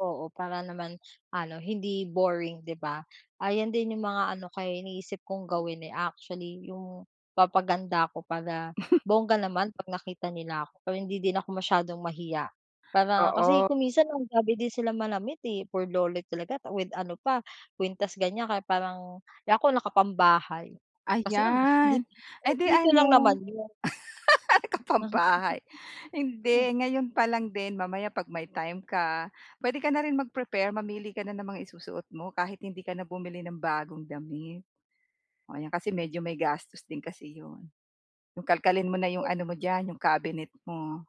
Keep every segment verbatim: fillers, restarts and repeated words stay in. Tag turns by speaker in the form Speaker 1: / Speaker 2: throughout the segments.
Speaker 1: Oo, para naman ano hindi boring, 'di ba? Ayon din yung mga ano ko, eh, iniisip kong gawin, eh, actually yung papaganda ako para bongga naman 'pag nakita nila ako, para hindi din ako masyadong mahiya para kasi
Speaker 2: Oo.
Speaker 1: kung minsan ang grabe din sila manamit, eh, burloloy talaga with ano pa kwintas, ganyan kaya parang eh, ako nakapambahay kasi ngam di
Speaker 2: Ayan, edi
Speaker 1: dito lang
Speaker 2: ano.
Speaker 1: naman 'yon.
Speaker 2: Naka-pambahay. Hindi, ngayon pa lang din mamaya 'pag may time ka, puwede ka na rin mag-prepare, mamili ka na ng mga isusuot mo, kahit hindi ka na bumili ng bagong damit. Oo, 'yan kasi medyo may gastos din kasi 'yon. Yung kalkalin mo na yung ano mo diyan yung cabinet mo.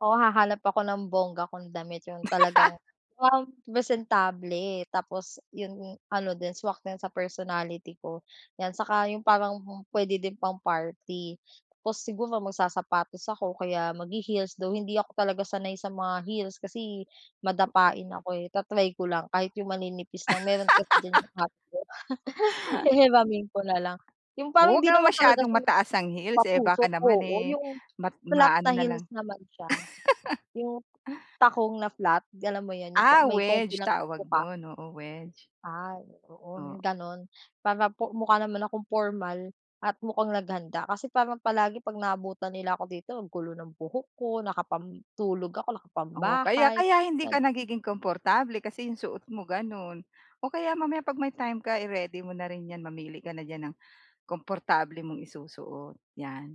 Speaker 1: Oo, hahanap ako ng bongga kong damit, yung talagang, wow presentable tapos yung ano din swak din sa personality ko, yan. Saka yung parang puwede din pang-party tapos siguro magsasapatos ako o kaya maghi-heels though hindi ako talaga sanay sa mga heels kasi madapain ako, eh. Ta-try ko lang kahit yung maninipis lang, mayro'n kasi diyan yung ate ko. Hihiramin ko na lang. Yung
Speaker 2: O
Speaker 1: parang
Speaker 2: huwag
Speaker 1: hindi
Speaker 2: naman
Speaker 1: naman talaga
Speaker 2: masyadong
Speaker 1: siya yung
Speaker 2: mataas ang heels, eh, baka
Speaker 1: patusok,
Speaker 2: naman,
Speaker 1: oo.
Speaker 2: eh,
Speaker 1: Yung
Speaker 2: mat
Speaker 1: flat na
Speaker 2: ma-ano na lang.
Speaker 1: heels naman siya, yung takong na flat, galam mo 'yon, yung pa
Speaker 2: Ah,
Speaker 1: may konti
Speaker 2: wedge
Speaker 1: lang na
Speaker 2: tawag
Speaker 1: tuka.
Speaker 2: no'n, oo wedge.
Speaker 1: Ay, oo,
Speaker 2: Oo.
Speaker 1: 'yong gano'n para po mukha naman akong pormal at mukhang naghanda kasi parang palagi 'pag naabutan nila ako dito, ang gulo ng buhok ko, nakapantulog ako,
Speaker 2: Oo, kaya
Speaker 1: nakapambahay,
Speaker 2: kaya hindi ka
Speaker 1: gan
Speaker 2: nagiging komportable kasi yung suot mo gano'n. O kaya mamaya 'pag may time ka, i-ready mo na rin 'yan, mamili ka na diyan ng komportable mong isusuot, yan.